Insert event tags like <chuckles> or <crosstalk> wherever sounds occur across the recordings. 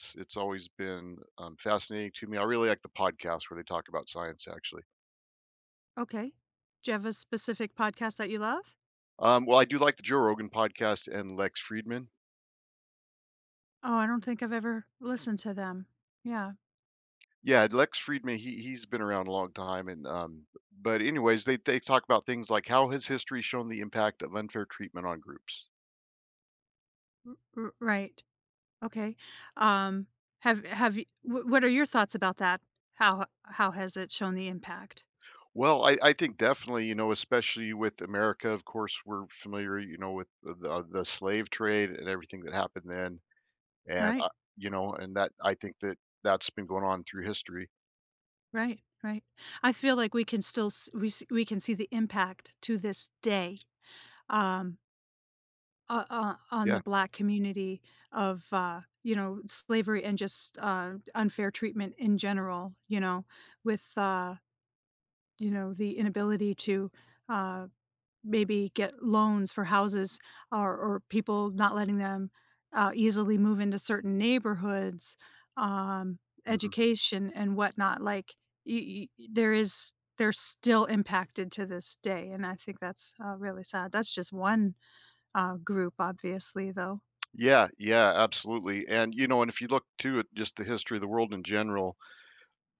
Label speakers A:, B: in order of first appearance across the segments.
A: It's it's always been, um, fascinating to me I really like the podcast where they talk about science, actually.
B: Okay. Do you have a specific podcast that you love?
A: Um, well, I do like the Joe Rogan podcast and Lex Friedman.
B: Oh, I don't think I've ever listened to them. Yeah.
A: Yeah, Lex Friedman, he he's been around a long time and, um b but anyways, they they talk about things like how has history shown the impact of unfair treatment on groups.
B: R r right. Okay, um, have have y w what are your thoughts about that? How h how has it shown the impact?
A: Well, I I think definitely, you know, especially with America, of course, we're familiar, you know, with the, uh the slave trade and everything that happened then. And, uh,
B: Right.
A: you know, and that, I think, that that's been going on through history.
B: Right, right. I feel like we could still s we s we can see the impact to this day, um o o on the
A: Yeah.
B: black community- of, uh, you know, slavery and just, uh, unfair treatment in general, you know, with, uh, you know, the inability to, uh, maybe get loans for houses, or or people not letting them, uh, easily move into certain neighborhoods, um,
A: Mhm.
B: education, and whatnot. Like, y y y there is they're still impacted to this day, and I think that's, uh, really sad. That's just 1, uh, group, obviously, though.
A: Yeah, yeah, absolutely, and, you know and if you look, too, at just the history of the world, in general,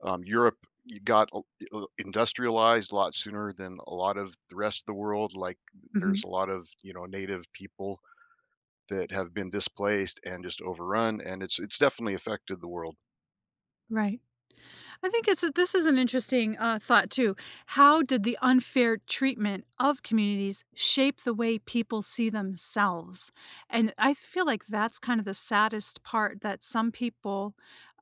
A: um, Europe, you got l i l industrialized a lot sooner than a lot of the rest of the world, like, th there's
B: Mhm.
A: a lot of, you know, native people that have been displaced and just overrun, and it's it's definitely affected the world.
B: Right. I think it's a this is an interesting, uh, thought, too- how did the unfair treatment of communities shape the way people see themselves? And I feel like that's kind of the saddest part, that some people,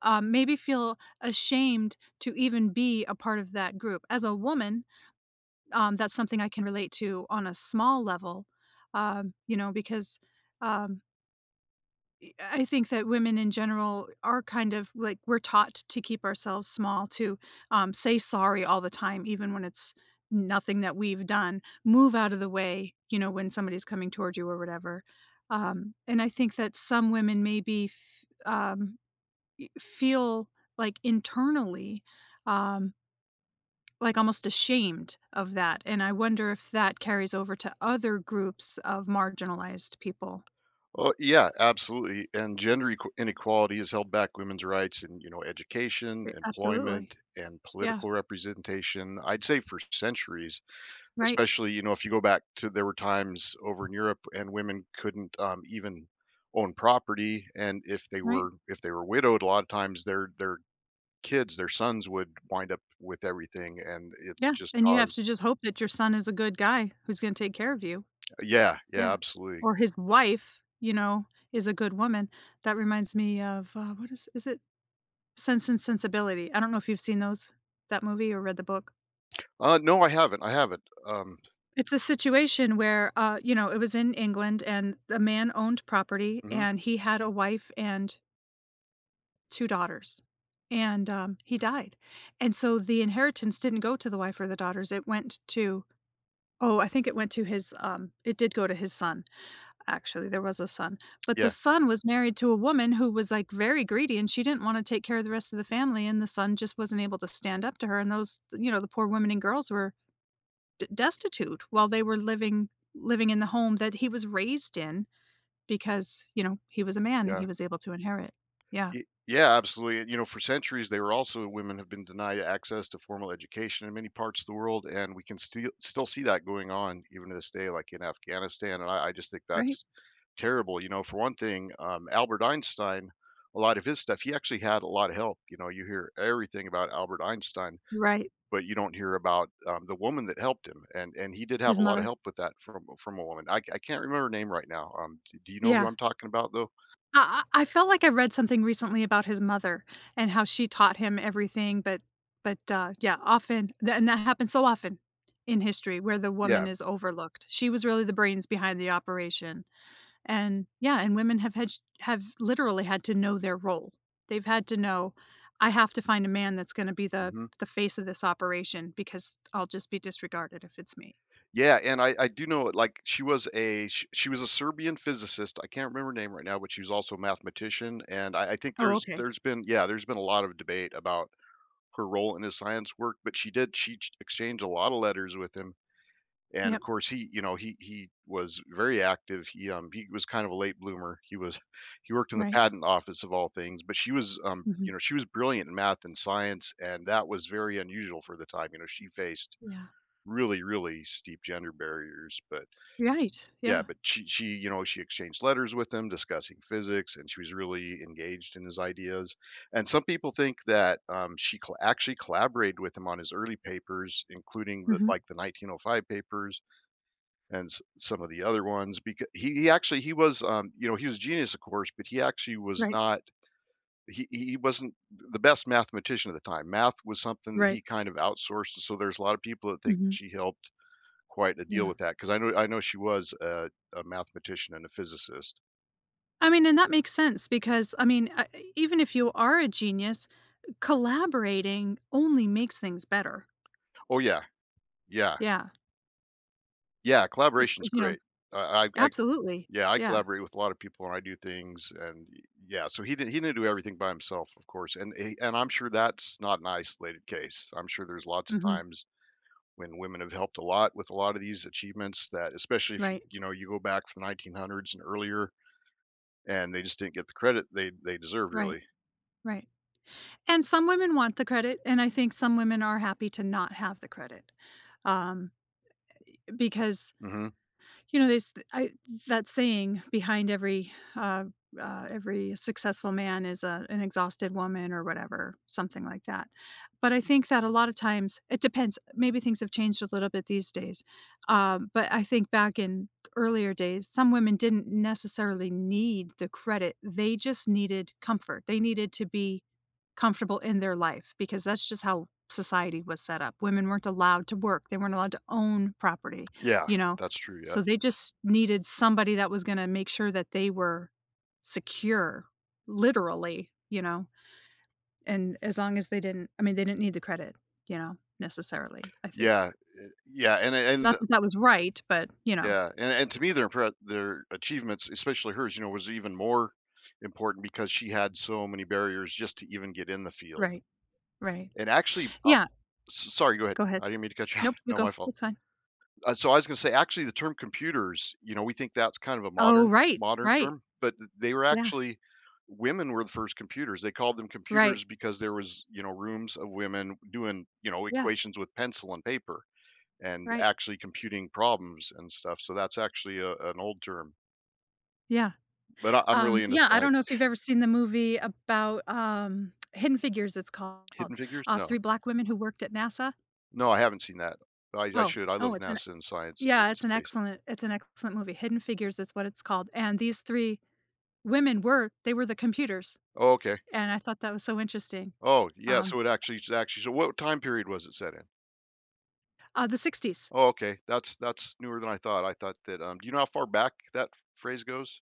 B: um, maybe feel ashamed to even be a part of that group. As a woman, um, that's something I can relate to on a small level, um, you know, because, um i I I think that women in general are, kind of like, we're taught to keep ourselves small, too, um, say sorry all the time, even when it's nothing that we've done, move out of the way, you know, when somebody's coming towards you or whatever. Um, and I think that some women maybe f um, i feel, like, internally, um, like, almost ashamed of that, and I wonder if that carries over to other groups of marginalized people.
A: Uh, yeah, absolutely, and gender equa inequality has held back women's rights, and, you know, education,
B: Eh absolutely.
A: employment, and
B: Yeah.
A: political representation, I'd say, for centuries.
B: Right.
A: Especially, you know, if you go back to there were times over in Europe, and women couldn't, um, even own property, and if they
B: Right.
A: were if they were widowed, a lotta times, their their kids, their sons, would wind up with everything, and it's
B: Yes,
A: just
B: and you have
A: caused
B: to just hope that your son is a good guy, who's gonna take care of you.
A: Yeah. Yeah,
B: Yeah.
A: absolutely.
B: Or his wife, you know, is a good woman. That reminds me of, uh, what is is it? Sense and Sensibility, I don't know if you've seen those? That movie, or read the book?
A: Uh, no, I haven't, I haven't, um
B: It's a situation where uh, you know, it was in England, and the man owned property,
A: Mhm.
B: and he had a wife and 2 daughters, and, um, he died. And so the inheritance didn't go to the wife or the daughters, it went to oh, I think it went to his, um it did go to his son, actually, there was a son. But the
A: Yeah.
B: son was married to a woman who was, like, very greedy, and she didn't wanna take care of the rest of the family, and the son just wasn't able to stand up to her, and those th you know, the poor women and girls were d destitute, while they were living living in the home that he was raised in, because, you know, he was a man, and
A: Yeah.
B: he was able to inherit. Yeah.
A: Y Yeah, absolutely, and you know, for centuries, they were also women have been denied access to formal education in many parts of the world, and we can stee still see that going on, even to this day, like, in Afghanistan, and I I just think
B: Right.
A: that's terrible, you know for one thing, um, Albert Einstein, a lot of his stuff he actually had a lotta help you know, you hear everything about Albert Einstein,
B: Right.
A: but you don't hear about, um, the woman that helped him, and and he did have
B: His
A: a lotta
B: mother.
A: help with that from a from a woman. I c I can't remember her name right now, um, do y do you know who I'm
B: Yeah.
A: talking about, though?
B: I I I felt like I read something recently about his mother, and how she taught him everything, but but, uh, yeah, often, tha and that happens so often, in history, where the woman
A: Yeah.
B: is overlooked. She was really the brains behind the operation, and, yeah, and women have had ch have, literally, had to know their role. They've had to know, "I have to find a man that's gonna be the
A: Mhm.
B: the face of this operation, because I'll just be disregarded if it's me."
A: Yeah, and I I do know, i like, she was a sh she was a Serbian physicist, I can't remember her name right now, but she was also a mathematician, and I I think
B: Oh,
A: there's
B: okay.
A: there's been yeah, there's been a lot of debate about her role in his science work, but she did she sh exchanged a lotta letters with him, and, of
B: Yep.
A: course, he you know, he he was very active, he, um he was kind of a late bloomer, he was <chuckles> he worked in the
B: Right.
A: patent office, of all things, but she was, um you
B: Mhm.
A: know, she was brilliant in math and science, and that was very unusual for the time, you know, she faced
B: Yeah.
A: really, really steep gender barriers, but sh
B: Right,
A: Yeah,
B: yeah.
A: but she she you know, she exchanged letters with him discussing physics, and she was really engaged in his ideas, and some people think that, um, she co actually collaborated with him on his early papers, including the
B: Mhm.
A: like, the 1905 papers, and s some of the other ones, beca he he actually he was, um you know, he was genius, of course, but he actually was
B: Right.
A: not he he he wasn't th the best mathematician at the time, math was something that
B: Right.
A: he kind of outsourced, and so there's a lot of people that think
B: Mhm.
A: she helped quite a deal
B: Yeah.
A: with that, 'cause I know I know she was a a mathematician and a physicist.
B: I mean and that makes sense because, I mean, a even if you are a genius, collaborating only makes things better.
A: Oh, yeah. Yeah.
B: Yeah.
A: Yeah.
B: Espe
A: Collaboration's
B: you know?
A: great. Uh, I I
B: Absolutely.
A: yeah, I
B: Yeah.
A: collaborate with a lotta people when I do things and y yeah. So he did he didn't do everything by himself, of course. And he and I'm sure that's not an isolated case. I'm sure there's lots of
B: Mhm.
A: times when women have helped a lot with a lotta these achievements that especially if you
B: Right.
A: you know, you go back from 1900s and earlier, and they just didn't get the credit they they deserved,
B: Right.
A: really.
B: Right. And some women want the credit, and, I think, some women are happy to not have the credit. Um, because
A: Mhm.
B: you know, this I that saying, "Behind every uh, uh every successful man is a an exhausted woman," or whatever- something like that. But, I think, that a lotta times it depends. Maybe things have changed a little bit these days. Um, but, I think, back in earlier days, some women didn't necessarily need the credit- they just needed comfort. They needed to be comfortable in their life because that's just how society was set up. Women weren't allowed to work, they weren't allowed to own property,
A: Yeah.
B: you know?
A: That's true. Yeah.
B: So, they just needed somebody that was gonna make sure that they were secure, literally, you know? And as long as they didn't I mean, they didn't need the credit, you know, necessarily, I think.
A: Yeah, e yeah. And and
B: Not that that was right, but you know.
A: Yeah. And and to me, their impre their achievements, especially hers, you know, was even more important because she had so many barriers just to even get in the field.
B: Right. Right.
A: And, actually, um
B: Yeah
A: s sorry, go ahead.
B: go ahead.
A: I didn't mean to cut you off.
B: Nope, you
A: No,
B: go.
A: my fault.
B: That's fine.
A: Uh, so, I was gonna say, actually, the term "computers," you know, we think that's kind of a
B: Oh,
A: modern
B: right.
A: modern
B: Right.
A: term, but th they were
B: Yeah.
A: actually women were the first computers. They called them
B: Right.
A: "computers" because there was, you know, rooms of women doing, you know,
B: Yeah.
A: equations with pencil and paper, and
B: Right.
A: actually computing problems and stuff- so that's actually, a an old term.
B: Yeah.
A: But I I'm
B: Um,
A: really into
B: yeah, I don't know
A: science.
B: if you've ever seen the movie about, um, <smacks lips> Hidden Figures, it's called.
A: Hidden figures?
B: Uh,
A: No.
B: 3 black women who worked at NASA?
A: No, I haven't seen that. I I
B: Oh,
A: should, I love
B: oh, it's an
A: NASA and science
B: e yeah,
A: and
B: it's an
A: space.
B: excellent it's an excellent movie. Hidden Figures is what it's called, and these 3 women were they were the computers,
A: Oh, okay.
B: and I thought that was so interesting.
A: Oh, yeah,
B: Um.
A: so it actually it actually sh what time period was it set in?
B: Uh, the 60s.
A: Oh, okay. That's that's newer than I thought. I thought that, um, do you know how far back that ph phrase goes?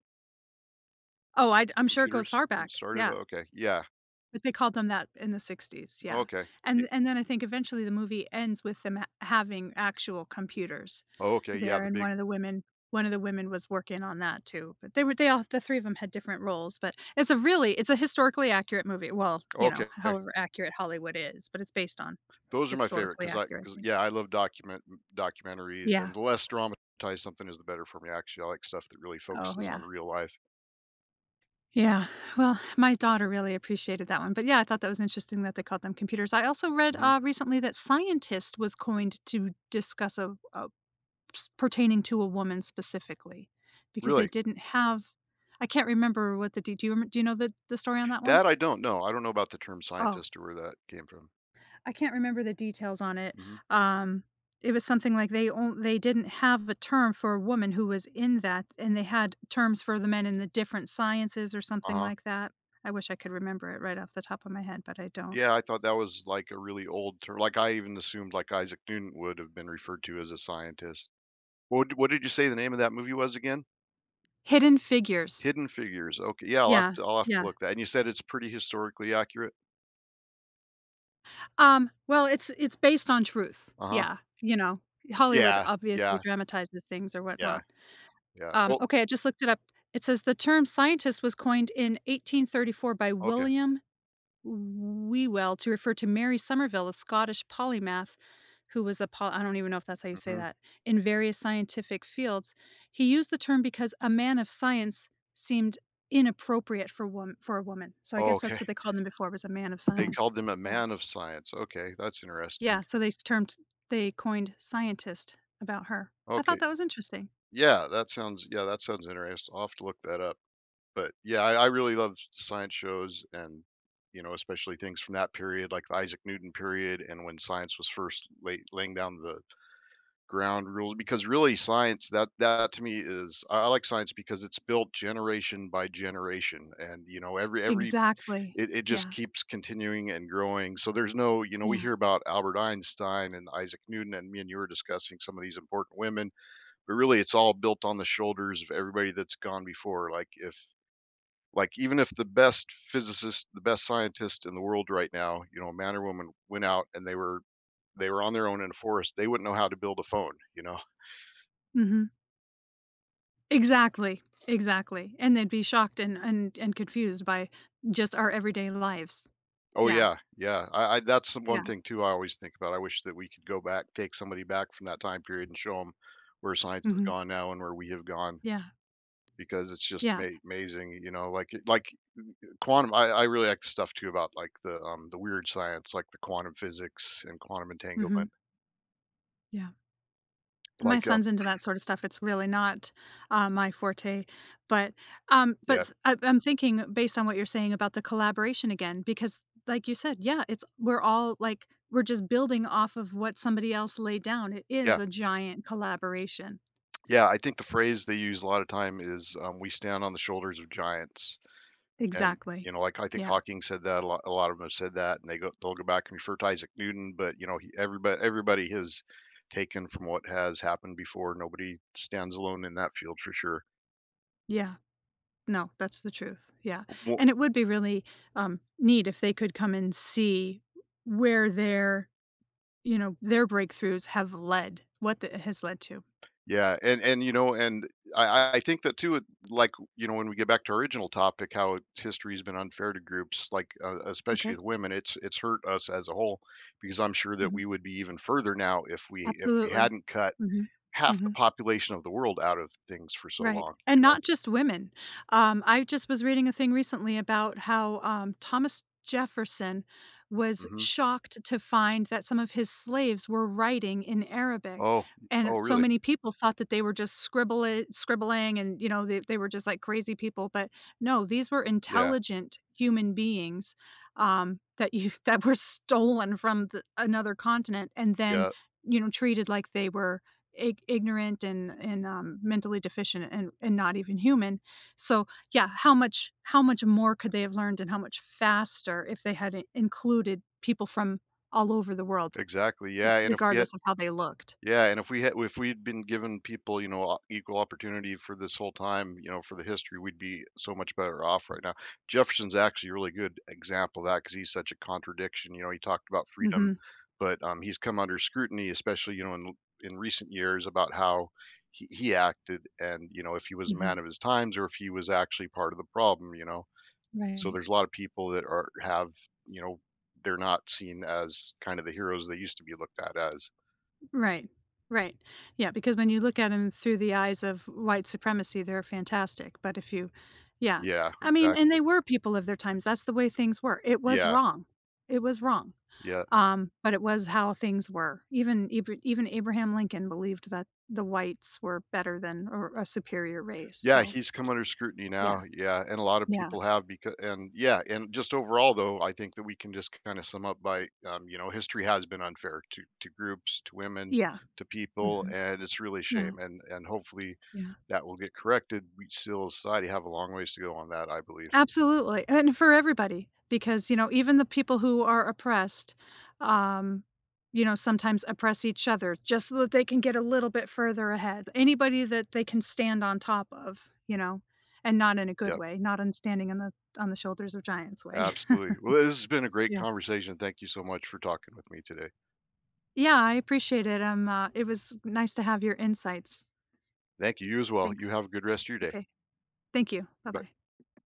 B: Oh, I'd
A: The
B: I'm sure it goes
A: computers
B: far
A: in
B: back.
A: sorta
B: Yeah.
A: okay. Yeah.
B: But they called them that in the 60s,
A: Oh,
B: yeah,
A: okay. Y
B: and and then I think eventually the movie ends with them ha having actual computers
A: Oh, okay, yeah,
B: there,
A: the
B: and one
A: big
B: of the women 1 of the women was working on that too, but they were they all the 3 of 'em had different roles, but it's a really it's a historically-accurate movie, well, you know,
A: Okay.
B: however accurate Hollywood is, but it's based on
A: Those are my favorite 'cause I
B: historically-accurate
A: 'cause
B: things.
A: yeah, I love document documentaries,
B: Yeah.
A: and the less dramatized something is, the better for me, actually, I like stuff that really
B: Oh,
A: focuses on
B: yeah.
A: real life.
B: Yeah, well, my daughter really appreciated that one, but, yeah, I thought that was interesting that they called them computers. I also read,
A: Mhm.
B: uh, recently that scientist was coined to discuss a a s pertaining to a woman, specifically, because they
A: Really?
B: didn't have I can't remember what the de do you rem do you know the the story on that one?
A: That, I don't know. I don't know about the term
B: Oh.
A: scientist or where that came from.
B: I can't remember the details on it.
A: Mhm.
B: Um, it was something like they on they didn't have a term for a woman who was in that, and they had terms for the men in the different sciences, or something
A: Uh-huh.
B: like that. I wish I could remember it, right off the top of my head, but I don't.
A: Yeah, I thought that was, like, a really old ter like, I even assumed, like, Isaac Newton would have been referred to as a scientist. What d what did you say the name of that movie was, again?
B: Hidden Figures.
A: Hidden Figures, oka yeah, I'll have
B: Yeah,
A: t I'll have to
B: yeah.
A: look that and you said it's, pretty, historically accurate?
B: Um, well, it's it's based on truth,
A: Uh-huh.
B: yeah. You know, Hollywood,
A: Yeah,
B: obviously,
A: yeah.
B: dramatizes things, or
A: Yeah.
B: whatnot.
A: Yeah,
B: Um,
A: well
B: okay, I just looked it up. It says, "The term scientist was coined in 1834 by
A: Okay.
B: William W Whewell to refer to Mary Summerville, a Scottish polymath, who was a pol" I don't even know if that's how you say
A: Mhm.
B: that, "...in various scientific fields. He used the term because 'a man of science' seemed inappropriate for wom for a woman," so, I
A: Oh,
B: guess
A: okay.
B: that's what they called them before was a man of
A: They
B: science.
A: called them "a
B: Yeah.
A: man of science," okay, that's
B: Yeah,
A: interesting.
B: so they termed they coined "scientist" about her. I thought
A: Okay.
B: that was interesting.
A: Yeah, that sounds yeah, that sounds interesti I'll have to look that up, but, yeah, I I really love s science shows and, you know, especially things from that period, like Isaac Newton period, and when science was first lay laying down the ground rule because, really, science, that that to me is I I like science because it's built generation by generation, and, you know, every every
B: Exactly.
A: it it just
B: Yeah.
A: keeps continuing and growing, so, there's no you know, we
B: Yeah.
A: hear about Albert Einstein and Isaac Newton, and me and you were discussing some of these important women, but, really, it's all built on the shoulders of everybody that's gone before, like if like, even if the best physicist, the best scientist in the world right now, you know, man or woman, went out and they were they were on their own in a forest, they wouldn't know how to build a phone, you know? <chuckles>
B: Mhm. Exactly. Exactly. And they'd be shocked and and and confused by just our everyday lives.
A: Oh,
B: Yeah.
A: yeah. Yeah. I I that's the 1
B: Yeah.
A: thing, too, I always think about, I wish that we could go back take somebody back from that time period and show 'em where science has
B: Mhm.
A: gone now and where we have gone,
B: Yeah.
A: because it's just
B: Yeah.
A: may mazing, you know, like, it like uh uh quantum, I I really like stuff too about, like, the, um, the weird science, like, the quantum physics and quantum entanglement.
B: Mhm. Yeah. My
A: Like, uh
B: son's into that sorta stuff, it's really not, um, my forte. But, um, but
A: Yeah.
B: th I'm I'm thinking, based on what you're saying about the collaboration again because, like you said, yeah, it's we're all, like, we're just building off of what somebody else laid down. It is
A: Yeah.
B: a giant collaboration.
A: Yeah, I think the phrase they use a lot of time is, um, "We stand on the shoulders of giants." And,
B: Exactly.
A: you know, like, I think
B: Yeah.
A: Hawking said that a lot a lot of them have said that, and they go they'll go back and refer to Isaac Newton, but, you know, he everybody everybody has taken from what has happened before, nobody stands alone in that field for sure.
B: Yeah. No, that's the truth, yeah,
A: Uh, wo
B: and it would be really, um, neat, if they could come and see where their you know, their breakthroughs have led, what th it has led to.
A: Yeah, and and, you know and I I I think that, too, it like, y you know, when we get back to our original topic, how history has been unfair to groups, like, uh, especially
B: M'kay.
A: with women, it's it's hurt us as a whole, because I'm sure that we
B: Mhm.
A: would be even further now, if we if we
B: Absolutely.
A: hadn't cut
B: Mhm,
A: half the
B: mhm.
A: population of the world out of things for so
B: Right,
A: long,
B: and
A: you know?
B: not just women. Um, I just was reading a thing recently about how, um, Thomas Jefferson was
A: Mhm.
B: shocked to find that some of his slaves were writing in Arabic,
A: Oh, y
B: and
A: oh,
B: so
A: really?
B: many people thought that they were just scribbli scribbling and, you know, that they were just, like, crazy people, but, no, these were
A: Yeah.
B: intelligent human beings, um, that you that were stolen from th another continent, and then,
A: Yep.
B: you know, treated like they were ig ignorant, and and, um, mentally deficient, and and not even human, so, yeah, how much how much more could they have learned, and how much faster, if they had i included people from all over the world,
A: Exactly, yeah,
B: <unintelligible>
A: and if we had
B: regardless of how they looked.
A: Yeah, and if we had if we'd been given people, you know, o equal opportunity for this whole time, you know, for the history, we'd be so much better off right now. Jefferson's actually a really good example of that, 'cause he's such a contradiction, you know, he talked about freedom,
B: Mhm.
A: but, um, he's come under scrutiny, especially, you know, in l in recent years, about how he he acted, and, you know, if he was a man
B: Mhm.
A: of his times, or if he was actually part of the problem, you know? So,
B: Right.
A: there's a lotta people that are have you know, they're not seen as, kind of, the heroes they used to be looked at as.
B: Right. Right. Yeah, because when you look at 'em through the eyes of white supremacy, they're fantastic, but if you yeah,
A: Yeah,
B: I mean, and
A: exactly.
B: they were people of their times, that's the way things were. It was
A: Yeah.
B: wrong. It was wrong.
A: Yeah.
B: Um, but it was how things were. Even eve even Abraham Lincoln believed that the whites were better than or a superior race,
A: Yeah.
B: so.
A: He's come under scrutiny now.
B: Yeah.
A: Yeah, and a lotta
B: Yeah.
A: people have becau and yeah, and just overall, though, I think that we can just k kinda sum up by, um you know, history has been unfair to to groups, to women,
B: Yeah.
A: to people,
B: Mhm.
A: and it's really a
B: Yeah.
A: shame. And and, hopefully,
B: Yeah.
A: that will get corrected. We still society have a long ways to go on that, I believe.
B: Absolutely. And for everybody, because, you know, even the people who are oppressed, um, you know, sometimes oppress each other just so that they can get a little bit further ahead. Anybody that they can stand on top of, you know, and not in a good
A: Yep.
B: way, not on standing on the on the shoulders of giants way.
A: Absolutely. Well, this has been
B: <chuckles>
A: a great
B: Yeah.
A: conversation. Thank you so much for talking with me today.
B: Yeah, I appreciate it. Um, uh, it was nice to have your insights.
A: Thank you. You as well. You
B: Thanks.
A: have a good rest of your day.
B: Okay. Thank you.
A: Goodbye.
B: Bye-bye.